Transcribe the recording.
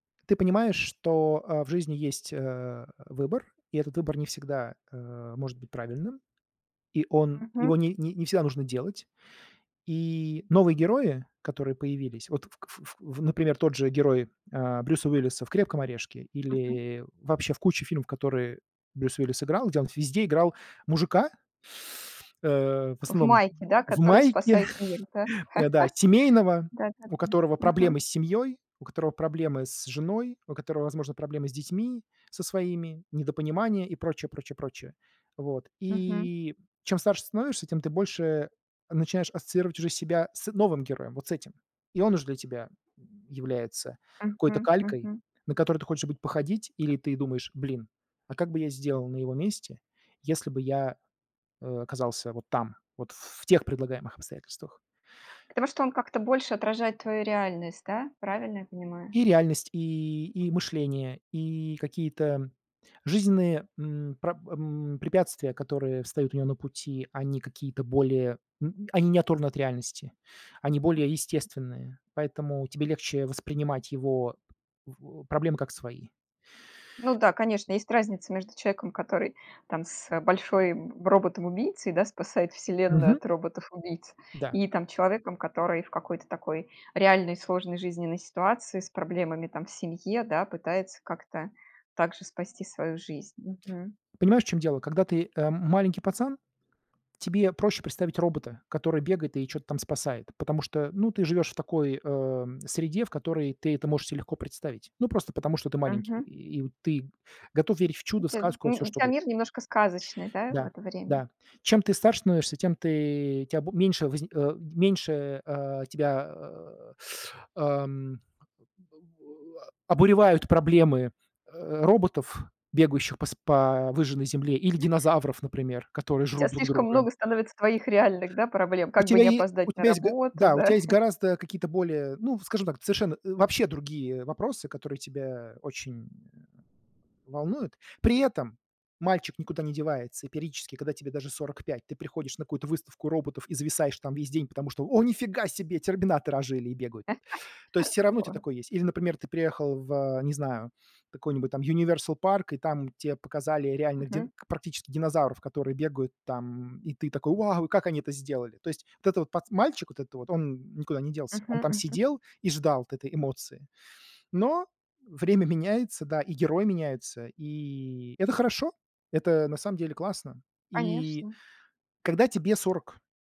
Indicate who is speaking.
Speaker 1: Ты понимаешь, что, а, в жизни есть, э-э, выбор, и этот выбор не всегда, э-э, может быть правильным. И он его
Speaker 2: Мгм.
Speaker 1: ни не всегда нужно делать. И новые герои, которые появились, вот, кф ф ф например, тот же герой, а-а, Брюса Уиллиса в "Крепком орешке"
Speaker 2: Мгм.
Speaker 1: или вообще в куче фильмов, которые Брюс Уиллис играл, где он везде играл мужика э-э, в
Speaker 2: В
Speaker 1: основном
Speaker 2: майке, да,
Speaker 1: в
Speaker 2: который
Speaker 1: майке,
Speaker 2: спасает мир, да?
Speaker 1: э, да, семейного, у
Speaker 2: Да-да-да.
Speaker 1: которого проблемы
Speaker 2: Мгм.
Speaker 1: с семьёй, у которого проблемы с женой, у которого, возможно, проблемы с детьми со своими, недопонимание и прочее прочее прочее. Вот.
Speaker 2: Мгм.
Speaker 1: И, чем старше становишься, тем ты больше начинаешь ассоциировать уже себя с новым героем, вот с этим. И он уж для тебя является какой-то
Speaker 2: Мгм
Speaker 1: калькой,
Speaker 2: мгм.
Speaker 1: на которую ты хочешь быть походить, или ты думаешь: "Блин, а как бы я сделал на его месте, если бы я, э, оказался вот там, вот ф в тех предлагаемых обстоятельствах?"
Speaker 2: Потому что он как-то больше отражает твою реальность, да? Правильно я понимаю?
Speaker 1: И реальность, и и мышление, и какие-то жизненные, м, пра м, препятствия, которые встают у него на пути, они какие-то более м, они не оторваны от реальности, они более
Speaker 2: [unintelligible]
Speaker 1: естественные, поэтому тебе легче воспринимать его в у проблемы, как свои.
Speaker 2: Ну, да, конечно, есть разница между человеком, который там с большой б роботом-убийцей, да, спасает вселенную
Speaker 1: Мгм.
Speaker 2: от роботов-убийц,
Speaker 1: Да.
Speaker 2: и там человеком, который в какой-то такой реальной сложной жизненной ситуации, с проблемами, там, в семье, да, пытается как-то также спасти свою жизнь. Мгм.
Speaker 1: Понимаешь, в чём дело, когда ты, э, маленький пацан, тебе проще представить робота, который бегает и чё-то там спасает, потому что, ну, ты живёшь в такой, э-э, м, среде, в которой ты это можешь се легко представить. Ну, просто потому, что ты маленький,
Speaker 2: Мгм.
Speaker 1: и ты готов верить в
Speaker 2: У
Speaker 1: чудо, в
Speaker 2: тя м,
Speaker 1: сказку, во всё,
Speaker 2: у
Speaker 1: что
Speaker 2: тя
Speaker 1: угодно.
Speaker 2: мир немножко сказочный, да, в
Speaker 1: Да,
Speaker 2: это время?
Speaker 1: да. Чем ты старше становишься, тем ты тя б меньше возни у м, меньше, э-э, а-а, тебя, а-а, а-а, мм обуревают проблемы, э-э, роботов, бегающих по с по выжженной земле, или динозавров,
Speaker 2: У
Speaker 1: например, которые
Speaker 2: тя
Speaker 1: жрут друг
Speaker 2: слишком
Speaker 1: друга.
Speaker 2: много становится твоих реальных, да, проблем.
Speaker 1: У
Speaker 2: Как бы
Speaker 1: тебя
Speaker 2: не
Speaker 1: е у
Speaker 2: опоздать на
Speaker 1: тебя есть г
Speaker 2: работу,
Speaker 1: да, у тя
Speaker 2: да?
Speaker 1: есть гораздо какие-то более, ну, в скажем так, совершенно э, вообще другие вопросы, которые тебя очень волнуют. При этом мальчик никуда не девается, и периодически, когда тебе даже 45 ты приходишь на какую-то выставку роботов и зависаешь там весь день, потому что: "О, ни фига себе! Терминаторы ожили и бегают". То есть всё равно у тя
Speaker 2: О.
Speaker 1: такое есть. Или, например, ты приехал в, не знаю, какой-нибудь там "Юниверсал парк", и там те показали реальных дин
Speaker 2: Мгм.
Speaker 1: практически динозавров, которые бегают там, м, и ты такой: "Вау! И как они это сделали?" То есть вот этот вот пац мальчик, вот этот вот, он никуда не делся, он
Speaker 2: Мгм
Speaker 1: там
Speaker 2: мгм.
Speaker 1: сидел и ждал вот этой эмоции. Но время меняется, да, и герой меняется, и это хорошо, это на самом деле классно. И
Speaker 2: Конечно.
Speaker 1: когда тебе 40.